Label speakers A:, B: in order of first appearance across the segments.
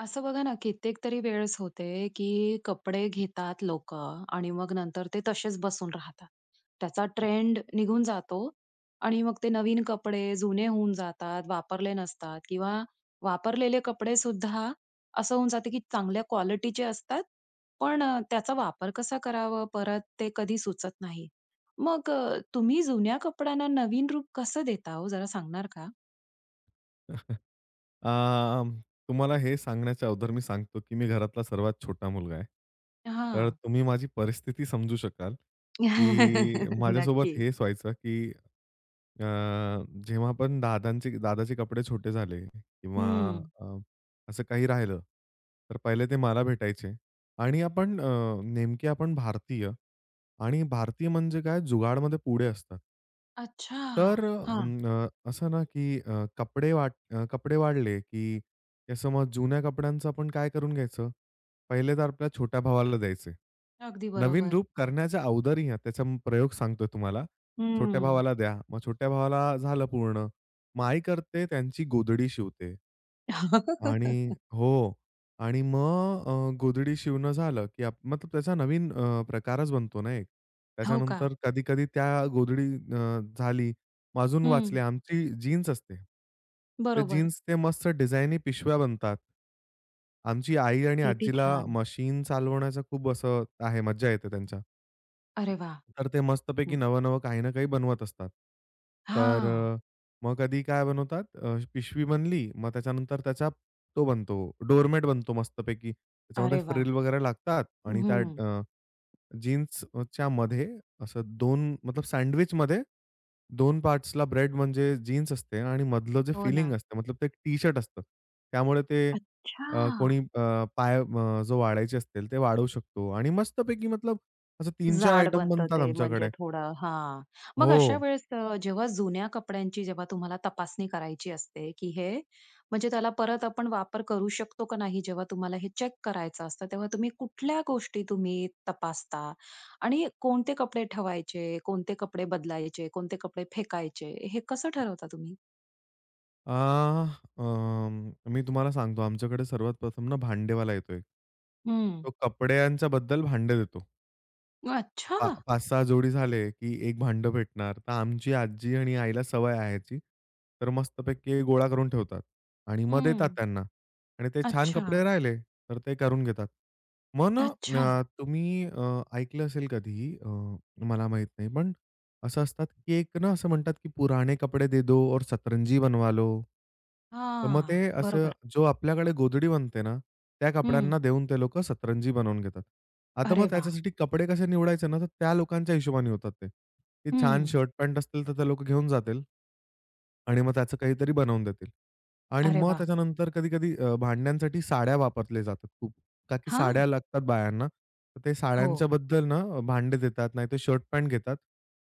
A: असं बघा ना कित्येक तरी वेळेस होते, की कपडे घेतात लोकं आणि मग नंतर ते तसेच बसून राहतात. त्याचा ट्रेंड निघून जातो आणि मग ते नवीन कपडे जुने होऊन जातात, वापरले नसतात किंवा वापरलेले कपडे सुद्धा असं होऊन जाते की चांगल्या क्वालिटीचे असतात पण अ, त्याचा वापर कसा करावं परत ते कधी सुचत नाही. मग अ, तुम्ही जुन्या कपड्यांना नवीन रूप कसं देता हो जरा सांगणार का?
B: अं, तुम्हाला हे सांगण्याच्या अगोदर मी सांगतो की मी घरातला सर्वात छोटा मुलगा आहे. तर
A: हां.
B: तुम्ही माझी परिस्थिती समजू शकाल, की माझ्यासोबत
A: नक्की.
B: हेच व्हायचं, की अ, जेव्हा पण दादांचे दादाचे कपडे छोटे झाले किंवा
A: हं.
B: अ, असं काही राहिलं तर पहिले ते मला भेटायचे. आणि आपण अ, नेमके आपण भारतीय आणि भारतीय म्हणजे काय जुगाडमध्ये पुढे असतात.
A: अच्छा!
B: तर
A: हां.
B: अं अ, असं ना की अ, कपडे वाट अ, कपडे वाढले, की त्या समज जुन्या कपड्यांचं आपण काय करून घ्यायचं? पहिले तर आपल्या छोट्या भावाला द्यायचे.
A: अगदी
B: नवीन
A: बरोबर.
B: रूप करण्याच्या अगोदरही त्याचा प्रयोग सांगतोय तुम्हाला, छोट्या
A: हम्म.
B: भावाला द्या, मग छोट्या भावाला झालं पूर्ण मग आई करते त्यांची गोधडी शिवते. आणि हो आणि मग अ, गोधडी शिवणं झालं, की आप मतलब त्याचा नवीन अ, प्रकारच बनतो ना एक.
A: हो का?
B: त्याच्यानंतर कधी-कधी त्या गोधडी अ, झाली, मग आजून
A: हं.
B: वाचल्या आमची जीन्स असते. तर
A: बरोबर.
B: जीन्स ते मस्त डिझायनी पिशव्या बनतात. आमची आई आणि
A: किती
B: आजीला
A: छान.
B: मशीन चालवण्याचा खूप असं आहे, मज्जा येते त्यांच्या.
A: अरे वाह!
B: तर ते मस्तपैकी,
A: हं.
B: नवं-नवं काही ना काही बनवत असतात. तर
A: हां.
B: अ, मग कधी काय बनवतात, अ, पिशवी बनली, मग त्याच्यानंतर त्याचा तो बनतो, डोरमेट बनतो मस्तपैकी. त्याच्यामध्ये
A: अरे वाह!
B: फ्रिल वगैरे लागतात आणि त्या
A: हं.
B: अ, जीन्सच्या मध्ये, असं दोन मतलब सँडविचमध्ये दोन पार्ट्सला ब्रेड, म्हणजे जीन्स असते आणि मधलं जे
A: हो
B: फीलिन्ग
A: ना.
B: असतं, मतलब ते एक टी-शर्ट असतं. त्यामुळे ते अ, कोणी
A: अच्छा!
B: अ, पाय अ, जो वाढायचे असतील, ते वाढवू शकतो. आणि मस्तपैकी मतलब असे 3-4
A: जाड
B: आयटम
A: बनतं
B: बनतात
A: ते, म्हणजे
B: आमच्याकडे.
A: थोडं हां. मग अशा
B: हो.
A: वेळेस अ, जेव्हा जुन्या कपड्यांची, जेव्हा तुम्हाला तपासणी करायची असते, की हे म्हणजे त्याला परत आपण वापर करू शकतो का नाही, जेव्हा तुम्हाला हे चेक करायचं असतं, तेव्हा तुम्ही कुठल्या गोष्टी तुम्ही तपासता? आणि कोणते कपडे ठेवायचे, कोणते कपडे बदलायचे? कोणते कपडे फेकायचे? हे कसं ठरवता तुम्ही?
B: अ, अं, मी तुम्हाला सांगतो, आमच्याकडे सर्वात प्रथम ना, भांडेवाला येतो एक.
A: हं.
B: तो कपड्यांच्या बद्दल भांडे देतो. पा अ,
A: अच्छा!
B: 5-6 जोडी झाले, की एक भांडं भेटणार. तर आमची आजी आणि आईला सवय आहे ह्याची. तर मस्तपैकी गोळा करून ठेवतात आणि मग देतात
A: हं.
B: त्यांना. आणि ते छान कपडे
A: अच्छा.
B: राहिले, तर ते करून घेतात. मग ना
A: अच्छा.
B: अ, तुम्ही अ, ऐकलं असेल कधीही, अ, मला माहीत नाही पण असं असतात, की एक ना असं म्हणतात, की पुराने कपडे दे दो और सतरंजी बनवालो. तर मग ते
A: हां,
B: असं
A: बरोबर.
B: जो आपल्याकडे गोधडी बनते ना, त्या
A: हं.
B: कपड्यांना देऊन, ते लोकं सतरंजी बनवून घेतात. आता
A: अरे
B: मग
A: वाह!
B: त्याच्यासाठी कपडे कसे निवडायचे ना, तर त्या लोकांच्या हिशोबाने होतात ते. ते छान
A: हं.
B: शर्ट-पॅन्ट असतील, तर ते लोकं घेऊन जातील आणि मग त्याचं काहीतरी बनवून देतील. आणि
A: अरे
B: मग
A: वाह!
B: त्याच्यानंतर कधी-कधी अ, भांड्यांसाठी साड्या वापरल्या जातात खूप. का की साड्या
A: हां.
B: लागतात बायांना, तर ते साड्यांच्या
A: हो.
B: बद्दल ना, भांडे देतात, नाहीतर शर्ट-पॅन्ट घेतात,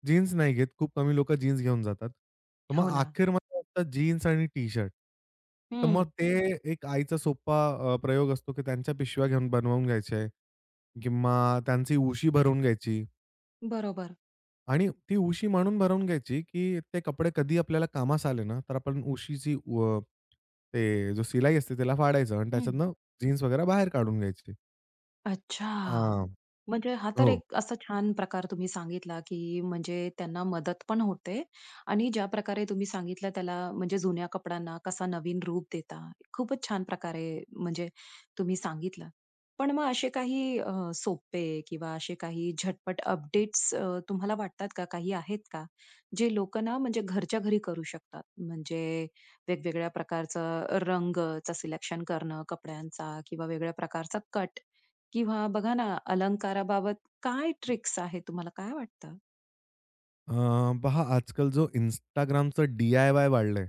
B: जीन्स नाही घेत, खूप कमी लोकं जीन्स घेऊन जातात, तर मग
A: हो ना.
B: अखेर [unintelligible] जीन्स आणि टी-शर्ट. तर मग
A: हं.
B: ते एक आईचा सोप्पा अ, प्रयोग असतो, की त्यांच्या पिशव्या घेऊन बनवून घ्यायच्या आहे. किंवा त्यांची उशी भरवून घ्यायची.
A: बरोबर.
B: आणि ती उशी मांडून भरवून घ्यायची की ते कपडे कधी आपल्याला कामास आले ना, तर आपण उशीची व ते जो शिलाई असते त्याला फाडायचं अन्
A: हं.
B: त्याच्यातनं जीन्स वगैरे बाहेर काढून घ्यायची.
A: अच्छा!
B: अ,
A: म्हणजे हा तर
B: हो.
A: एक असा छान प्रकार तुम्ही सांगितला, की म्हणजे त्यांना मदत पण होते आणि ज्या प्रकारे तुम्ही सांगितलं त्याला म्हणजे जुन्या कपड्यांना कसा नवीन रूप देता. खूपच छान प्रकारे म्हणजे तुम्ही सांगितलं. पण मग असे काही अ, सोपे किंवा असे काही झटपट अपडेट्स अ, तुम्हाला वाटतात का? काही आहेत का? जे लोकं ना म्हणजे घरच्या घरी करू शकतात. म्हणजे वेगवेगळ्या प्रकारचा रंगच सिलेक्शन करणं, कपड्यांचा किंवा वेगळ्या प्रकारचा कट किंवा बघा ना, अलंकाराबाबत काय ट्रिक्स आहेत? तुम्हाला काय वाटतं?
B: अ, पहा आजकाल जो Instagramचं डी-आय-वाय वाढलंय.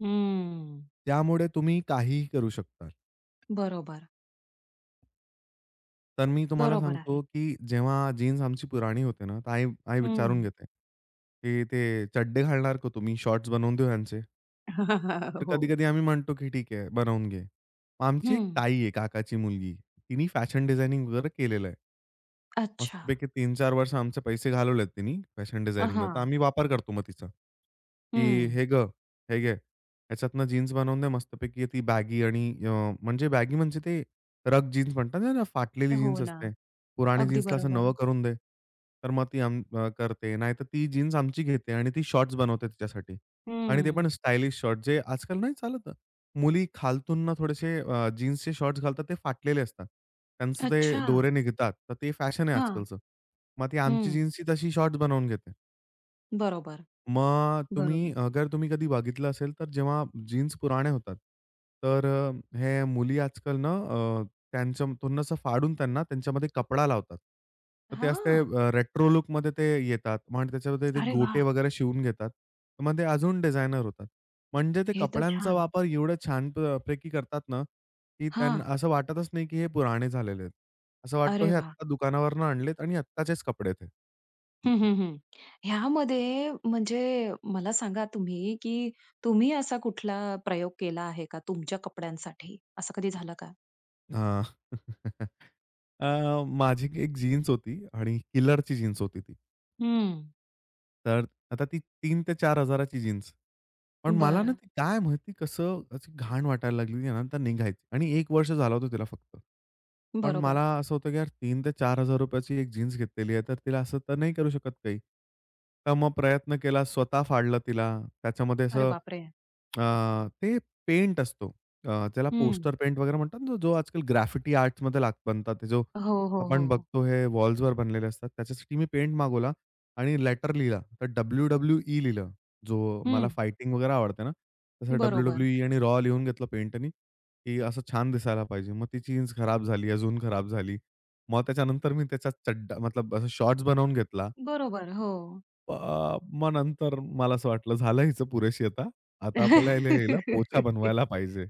A: हं.
B: त्यामुळे तुम्ही काहीही करू शकता.
A: बरोबर.
B: तर मी तुम्हाला
A: बरोबर
B: सांगतो,
A: आहे.
B: की जेव्हा जीन्स आमची पुराणी होते ना तर आई आई विचारून
A: हं.
B: घेते, की "ते चड्डे घालणार का तुम्ही? शॉर्ट्स बनवून देऊ ह्यांचे?" तर
A: हो.
B: कधी-कधी आम्ही म्हणतो की ठीक आहे बनवून घे. मग आमची एक
A: हं.
B: ताई आहे काकाची मुलगी. तिनी फॅशन डिझायनिंग वगैरे केलेलं आहे.
A: अच्छा.
B: मस्तपैकी 3-4 वर्ष आमचे पैसे घालवलेत तिनी फॅशन
A: अ,
B: डिझायनिंगमध्ये तर,
A: हां.
B: आम्ही वापर करतो मग तिचा. की
A: हं.
B: "हे गं, हे घे, ह्याच्यातनं जीन्स बनवून दे मस्तपैकी, ती बॅगी आणि अ, म्हणजे बॅगी म्हणजे ते रग जीन्स म्हणतात ना, फाटलेली
A: हो
B: जीन्स
A: ना,
B: असते, पुरानी
A: अगदी
B: जीन्सला असं नवं
A: बरोबर.
B: करून दे." तर मग ती अं, करते. नाहीतर ती जीन्स आमची घेते आणि ती शॉर्ट्स बनवते तिच्यासाठी आणि ते पण
A: हं.
B: स्टायलिश शॉर्ट्स, जे आजकाल नाही चालत. मुली खालतून ना, थोडेसे अ, जीन्सचे शॉर्ट्स घालतात ते फाटलेले असतात. त्यांचं ते
A: अच्छा.
B: दोरे निघतात. तर ते फॅशन आहे
A: हां,
B: आजकालचं. मग ती आमची
A: हं.
B: जीन्स ही तशी शॉर्ट्स बनवून घेते.
A: बरोबर,
B: मग तुम्ही
A: बरोबर.
B: अगर तुम्ही कधी बघितलं असेल तर जेव्हा जीन्स पुराने होतात तर अ, हे मुली आजकाल ना अ, त्यांच्या असं फाडून त्यांना त्यांच्यामध्ये कपडा लावतात. तर ते असते
A: हां.
B: अ, रेट्रो लूकमध्ये ते येतात आणि त्याच्यामध्ये ते
A: अरे
B: गोटे
A: वाह!
B: वगैरे शिवून घेतात. मग ते अजून डिझानयर होतात. म्हणजे ते
A: हे तर
B: कपड्यांचा
A: छान.
B: वापर एवढं छान प पैकी करतात ना, की
A: हां.
B: त्यांना असं वाटतच नाही की हे पुराने झालेले आहेत. असं वाटतं
A: अरे
B: हे
A: वाह!
B: आत्ता दुकानावरनं आणलेत आणि आत्ताचेच कपडे आहेत हे.
A: हं, हं, हं. ह्यामध्ये म्हणजे मला सांगा तुम्ही, की तुम्ही असा कुठला प्रयोग केला आहे का तुमच्या कपड्यांसाठी? असं कधी झालं का?
B: अ, अ, माझी 1 जीन्स होती आणि KILLERची जीन्स होती ती.
A: हं.
B: तर आता ती 3,000 ते 4,000 जीन्स. पण मला ना,
A: बरं.
B: ती काय माहिती कसं अशी घाण वाटायला लागली त्यानंतर निघायची आणि 1 वर्ष झाला होता तिला फक्त. पण मला
A: बरोबर.
B: असं होतं की यार 3,000 ते 4,000 रुपयाची 1 जीन्स घेतलेली आहे तर तिला असं तर नाही करू शकत काही. तर मग प्रयत्न केला स्वतः फाडलं तिला, त्याच्यामध्ये
A: अरे
B: असं
A: बापरे!
B: अ, ते पेंट असतो. अ, त्याला
A: हं.
B: पोस्टर पेंट वगैरे म्हणतात, जो आजकल ग्राफिटी आर्ट्समध्ये लाग बनतात, जो
A: हो, हो,
B: आपण
A: हो.
B: बघतो हे वॉल्सवर बनलेले असतात. त्याच्यासाठी मी पेंट मागवला आणि लेटर लिहिला. तर WWE लिहिलं. जो मला
A: हं.
B: फायटिंग वगैरे आवडते ना. तसं
A: बरोबर.
B: WWE आणि रॉ लिहून घेतलं पेंटनी की असं छान दिसायला पाहिजे. मग ती जीन्स खराब झाली, अजून खराब झाली. मग त्याच्यानंतर मी त्याचा चड्डा मतलब अ, शॉट्स बनवून घेतला.
A: बरोबर, हो.
B: अ, मग नंतर मला असं वाटलं झालं हीच पुरेशी आता. आता आपल्याला हिला पोछा बनवायला पाहिजे.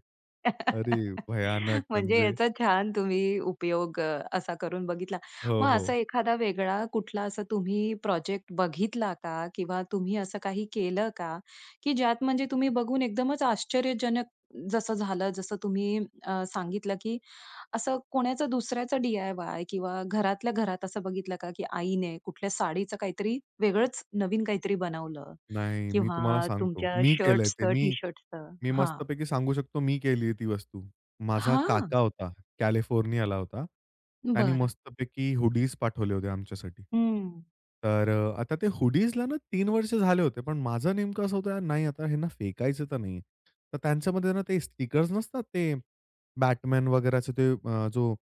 B: अरे भयानक
A: म्हणजे
B: म्हणजे.
A: याचा छान तुम्ही उपयोग अ, असा करून बघितला.
B: हो,
A: मग
B: हो.
A: असा एखादा वेगळा कुठला असा तुम्ही प्रोजेक्ट बघितला का? किंवा तुम्ही असं काही केलं का? की ज्यात म्हणजे तुम्ही बघून एकदमच आश्चर्यजनक जसं झालं जसं तुम्ही अ, सांगितलं, की असं कोणाचा दुसऱ्याचा डी-आय-वाय किंवा घरातल्या घरात असं बघितलं का, की आईने कुठल्या साडीचं काहीतरी वेगळंच नवीन काहीतरी बनवलं?
B: नाही मी तुम्हाला
A: किंवा
B: सांगतो,
A: तुमच्या
B: मी केलंय ते
A: शर्ट्सचं, टी
B: मी,
A: शर्ट्सचं.
B: मी
A: हां.
B: मस्तपैकी सांगू शकतो मी केली आहे ती वस्तू. माझा
A: हां.
B: काका होता कॅलिफोर्नियाला होता. त्याने
A: बरं.
B: मस्तपैकी हुडीज पाठवले होते आमच्यासाठी.
A: हं.
B: तर अ, आता ते हुडीजला ना 3 वर्ष झाले होते पण माझं नेमकं असं होत नाही आता हेना फेकायचं तर नाही. तर त्यांच्यामध्ये ना, ते स्टिकर्स नसतात ते Batman वगैराचे ते अ, जो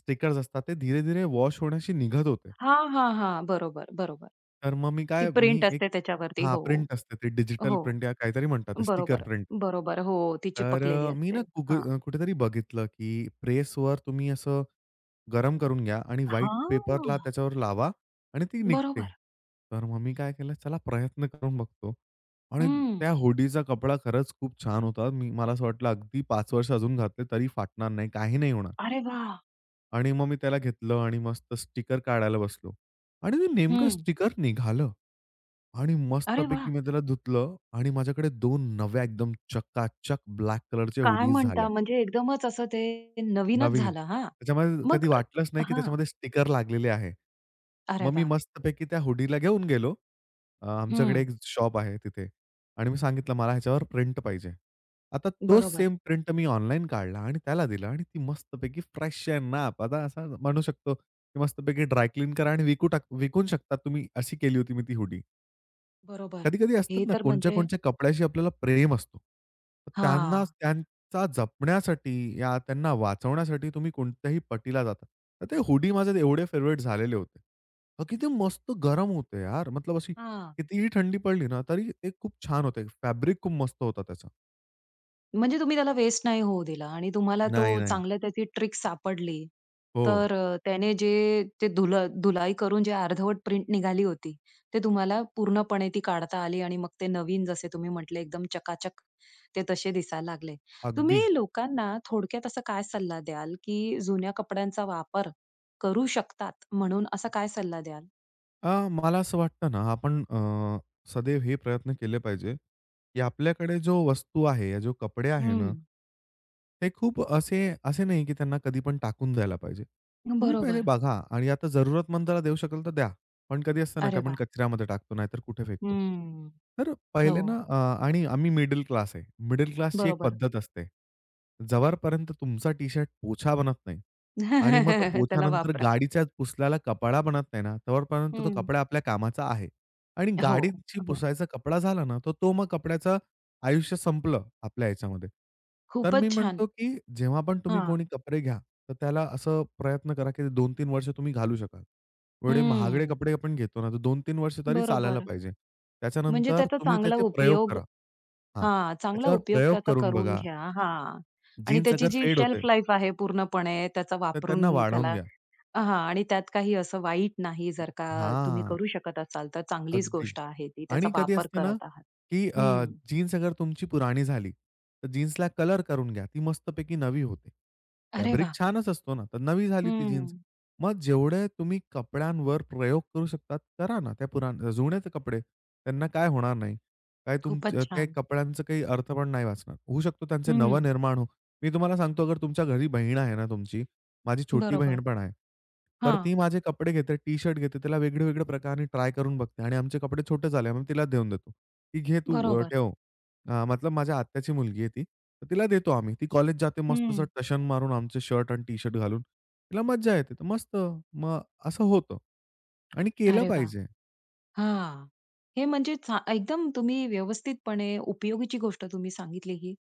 B: स्टिकर्स असतात ते धीरे-धीरे वॉश होण्याशी निघत होते.
A: हां, हां, हां. बरोबर, बरोबर.
B: तर मग मी
A: ती
B: काय,
A: प्रिंट
B: मी एक
A: असते त्याच्यावरती.
B: हां
A: हो,
B: प्रिंट असते ते डिजिटल
A: हो.
B: प्रिंट या काहीतरी म्हणतात स्टिकर
A: बरोबर,
B: प्रिंट.
A: बरोबर हो, ती
B: तर
A: चिपकलेली
B: अ, मी ना,
A: असते.
B: कुब
A: हां.
B: कुठेतरी बघितलं, की प्रेसवर तुम्ही असं गरम करून घ्या आणि व्हाईट पेपरला
A: हां.
B: त्याच्यावर लावा आणि ती निघते.
A: बरोबर.
B: तर मग मी काय केलं चला प्रयत्न करून बघतो आणि
A: हं.
B: त्या हुडीचा कपडा खरंच खूप छान होता. मला असं वाटलं अगदी 5 वर्ष अजून घातले तरी फाटणार नाही काही नाही होणार.
A: अरे वाह!
B: आणि मग मी त्याला घेतलं आणि मस्त स्टिकर काढायला बसलो आणि मी नेमकं
A: हं.
B: स्टिकर निघालं आणि
A: अरे
B: मस्तपैकी
A: वाह!
B: मी त्याला धुतलं आणि माझ्याकडे 2 नव्या, एकदम चकाचक ब्लॅक कलरच्या
A: काय
B: हुडीज
A: म्हणता?
B: झाल्या.
A: म्हणजे एकदमच असं ते नवीनच
B: नवीन,
A: झालं हां
B: त्याच्यामध्ये
A: मग
B: कधी वाटलंच
A: अ
B: नाही, की
A: हां.
B: त्याच्यामध्ये स्टिकर लागलेले आहे.
A: अरे
B: मग मी
A: वाह.
B: मस्तपैकी त्या हुडीला घेऊन गेलो अ, आमच्याकडे
A: हं.
B: एक शॉप आहे तिथे आणि मी सांगितलं, "मला ह्याच्यावर प्रिंट पाहिजे." आता तो
A: बरोबर.
B: सेम प्रिंट मी ऑनलाईन काढला आणि त्याला दिला आणि ती मस्तपैकी फ्रेश आणि नाप, आता असं म्हणू शकतो की, "मस्तपैकी ड्राय क्लीन करा आणि विकून टाक विकून शकता तुम्ही," अशी केली होती मी ती हुडी.
A: बरोबर,
B: कधी-कधी
A: हे
B: असतात ना,
A: तर
B: कोणाच्या ना
A: म्हणजे
B: कोणाच्या कपड्याशी आपल्याला प्रेम असतो. तर त्यांना
A: हां.
B: त्यांचा जपण्यासाठी, ह्या त्यांना वाचवण्यासाठी, तुम्ही कोणत्याही पटीला जातात. तर ती हुडी माझी एवढी फेव्हराइट झालेली होती. अ, किती मस्त गरम होती यार, मतलब अशी
A: हां.
B: किती थंडी पडली ना तरी, ती खूप छान होती. फॅब्रिक खूप मस्त होतं त्याचा.
A: म्हणजे तुम्ही त्याला वेस्ट नाही होऊ दिला आणि तुम्हाला तो
B: नाही, नाही.
A: चांगल्या त्याची ट्रिक सापडली.
B: हो.
A: तर अ, त्याने जे ते धुल-धुलाई करून जे अर्धवट प्रिंट निघाली होती, ते तुम्हाला पूर्णपणे ती काढता आली आणि मग ते नवीन जसे तुम्ही म्हंटलं, एकदम चकाचक ते तसे दिसायला लागले. तुम्ही
B: अगदी.
A: लोकांना थोडक्यात असा काय सल्ला द्याल की जुन्या कपड्यांचा वापर करू शकतात म्हणून, असा काय सल्ला द्याल?
B: अ, मला असं वाटतं ना, आपण अ, सदैव हे प्रयत्न केले पाहिजे की आपल्याकडे जो वस्तू आहे या जो कपडे आहे ना
A: हं.
B: ते खूप असे असे नाही की त्यांना कधीपण टाकून जायला पाहिजे. तुम्ही पहिले
A: बरोबर.
B: बघा आणि आता जरूरतमंदला देऊ शकाल तर द्या. पण कधी असतं ना की
A: अरे
B: आपण
A: वाह!
B: कचऱ्यामध्ये टाकतो, नाहीतर कुठे फेकतो.
A: हं,
B: तर पहिले
A: हो.
B: ना अ, आणि आम्ही मिडल क्लास आहे, मिडल क्लासची एक
A: बरोबर.
B: पद्धत असते. जोपर्यंत तुमचा टी शर्ट पोछा बनत नाही आणि मग तो
A: त्याला
B: पोछानंतर
A: वापरा.
B: गाडीच्या पुसल्याला कपडा बनत नाही ना, तोपर्यंत
A: हं.
B: कपडा आपल्या कामाचा आहे आणि
A: हो,
B: गाडीची
A: हो.
B: पुसायचा कपडा झाला ना, तर तो मग कपड्याचं आयुष्य संपलं आपल्या ह्याच्यामध्ये. तर मी
A: खूपच छान.
B: म्हणतो की जेव्हा पण तुम्ही
A: हां.
B: कोणी कपडे घ्या तर त्याला असं प्रयत्न करा, की 2-3 वर्ष तुम्ही घालू शकाल. एवढे महागडे
A: हं.
B: कपडे आपण घेतो ना, तर 2-3 वर्ष तरी चालायला
A: बरोबर.
B: पाहिजे.
A: म्हणजे
B: त्याच्यानंतर
A: त्याचा
B: तुम्ही
A: चांगला
B: त्याचे प्रयोग
A: उपयोग
B: करा हां,
A: हां, चांगला
B: त्याच्यावर
A: उपयोग
B: प्रयोग
A: त्याचा
B: करून
A: करून
B: बघा.
A: घ्या हां, आणि
B: जीन्स
A: त्याची
B: अगर
A: जी
B: फेड होते
A: शेल्फ लाईफ आहे पूर्णपणे त्याचा
B: तर त्यांना
A: वापरून
B: वाढवून
A: त्याला
B: घ्या.
A: हां आणि त्यात काही असं वाईट नाही जर का, तुम्ही
B: हां.
A: करू शकत असाल तर चांगलीच
B: अगदी
A: गोष्ट आहे ती. त्याचा
B: आणि कधी
A: वापर
B: असते ना
A: करत आहात
B: की अ,
A: हं.
B: जीन्स अगर तुमची पुरानी झाली, तर जीन्सला कलर करून घ्या, ती मस्तपैकी नवी होते.
A: अरे
B: फॅब्रिक
A: वाह!
B: छानच असतो ना तर नवी झाली ती जीन्स.
A: हं.
B: मग जेवढे तुम्ही कपड्यांवर प्रयोग करू शकता, करा ना. त्या पुरान जुने ते कपडे. त्यांना काय होणार नाही. काय
A: खूपच
B: तुमच्या त्या
A: छान.
B: कपड्यांचं काही अर्थ पण नाही वाचणार. होऊ शकतो त्यांचे नव
A: हं.
B: निर्माण हो. मी तुम्हाला सांगतो तुमच्या घरी बहीण आहे ना तुमची, माझी छोटी
A: बरोबर,
B: बहीण पण आहे. तर
A: हां.
B: ती माझे कपडे घेते, टी शर्ट घेते त्याला वेगळे वेगळे प्रकाराने ट्राय करून बघते आणि आमचे कपडे छोटे झाले मी तिला देऊन देतो, की "घे तू अ,
A: बरोबर.
B: ठेव." अ, मतलब माझ्या आत्याची मुलगी आहे ती, तर तिला देतो आम्ही. ती कॉलेज जाते मस्त असं
A: हं.
B: टशन मारून आमचे शर्ट अन् टी शर्ट घालून. तिला मज्जा येते तर मस्त, मग असं होतं आणि केलं
A: अरे वाह!
B: पाहिजे.
A: हां. हे म्हणजे छा एकदम तुम्ही व्यवस्थितपणे उपयोगीची गोष्ट तुम्ही सांगितली ही.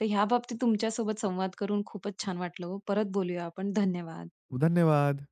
A: तर ह्या बाबतीत तुमच्या सोबत संवाद करून खूपच छान वाटलं हो. परत बोलूया आपण, धन्यवाद.
B: धन्यवाद.